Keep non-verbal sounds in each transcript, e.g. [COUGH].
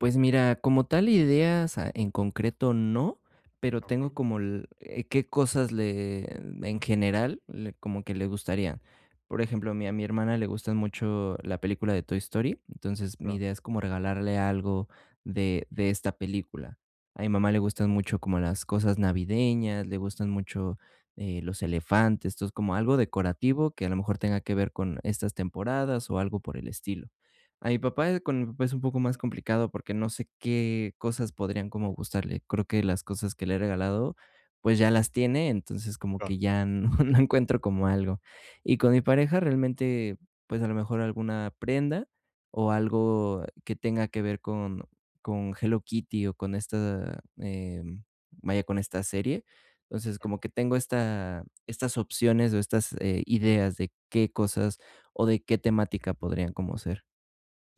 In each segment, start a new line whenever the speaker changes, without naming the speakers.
Pues mira, como tal ideas, ah, en concreto no, pero tengo
Okey.
como el qué cosas le en general, le como que le gustarían. Por ejemplo, a mi a mi hermana le gustan mucho la película de Toy Story, entonces mi
Claro.
idea es como regalarle algo de de esta película. A mi mamá le gustan mucho como las cosas navideñas, le gustan mucho, eh, los elefantes, entonces como algo decorativo que a lo mejor tenga que ver con estas temporadas, o algo por el estilo. A mi papá, eh, con pues, es un poco más complicado, porque no sé qué cosas podrían como gustarle. Creo que las cosas que le he regalado, pues, ya las tiene, entonces como
Claro.
que ya no no encuentro como algo. Y con mi pareja realmente, pues, a lo mejor alguna prenda o algo que tenga que ver con con Hello Kitty, o, con esta, eh, vaya, con esta serie. Entonces, como que tengo esta estas opciones o estas, eh, ideas de qué cosas o de qué temática podrían como ser.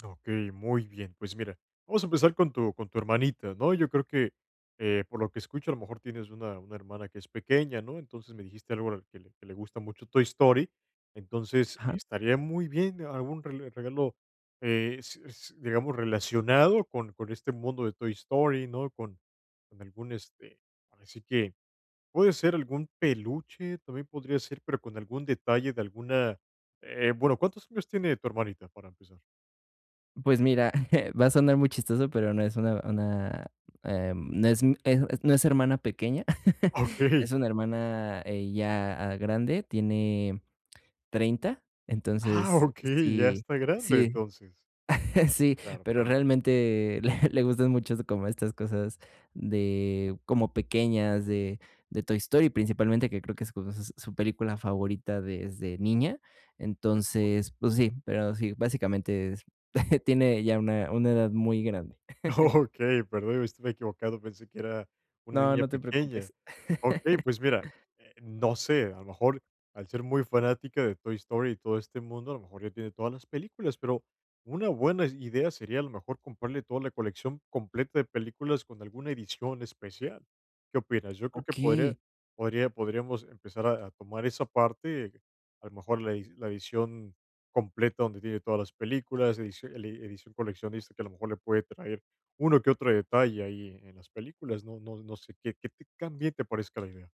Okey, muy bien. Pues mira, vamos a empezar con tu con tu hermanita, ¿no? Yo creo que, eh, por lo que escucho, a lo mejor tienes una una hermana que es pequeña, ¿no? Entonces, me dijiste algo que le que le gusta mucho Toy Story. Entonces,
Ajá.
estaría muy bien, algún rele regalo, eh, s s digamos, relacionado con con este mundo de Toy Story, ¿no? Con con algún este, por decir que puede ser algún peluche, también podría ser, pero con algún detalle de alguna eh, bueno, ¿cuántos años tiene tu hermanita, para empezar?
Pues mira, [CHUCKLES] va a sonar muy chistoso, pero no es una una, eh, no es un eso no es hermana pequeña, [LAUGHS]
Okey.
es una hermana, eh, ya grande, tiene 30.
¡Ah,
Entonces
okey! Ya
sí,
está grande,
sí,
entonces.
[CHUCKLES] sí,
Claro,
pero
claro.
realmente le le gustan mucho como estas cosas de como pequeñas, de de Toy Story, principalmente que creo que es su su película favorita desde niña.
Okey.
Entonces, pues sí, pero sí, básicamente es [CHUCKLES] Tiene ya una una edad muy grande. [CHUCKLES]
Okey. Perdón, estaba equivocado, pensé que era, una
No,
niña
no te
pequeña.
preocupes.
Okey,
[LAUGHS]
pues mira, eh, no sé, a lo mejor, al ser muy fanática de Toy Story, y todo este mundo, a lo mejor ya tiene todas las películas, pero una buena idea sería, a lo mejor, comprarle toda la colección completa de películas con alguna edición especial. ¿Qué opinas? Yo creo que podría
Okey.
podría podríamos empezar a a tomar esa parte, a lo mejor la e la edición completa donde tiene todas las películas, edici edición coleccionista, que a lo mejor le puede traer uno que otro detalle ahí en las películas, no no no sé ¿qué qué tan bien te parezca la idea?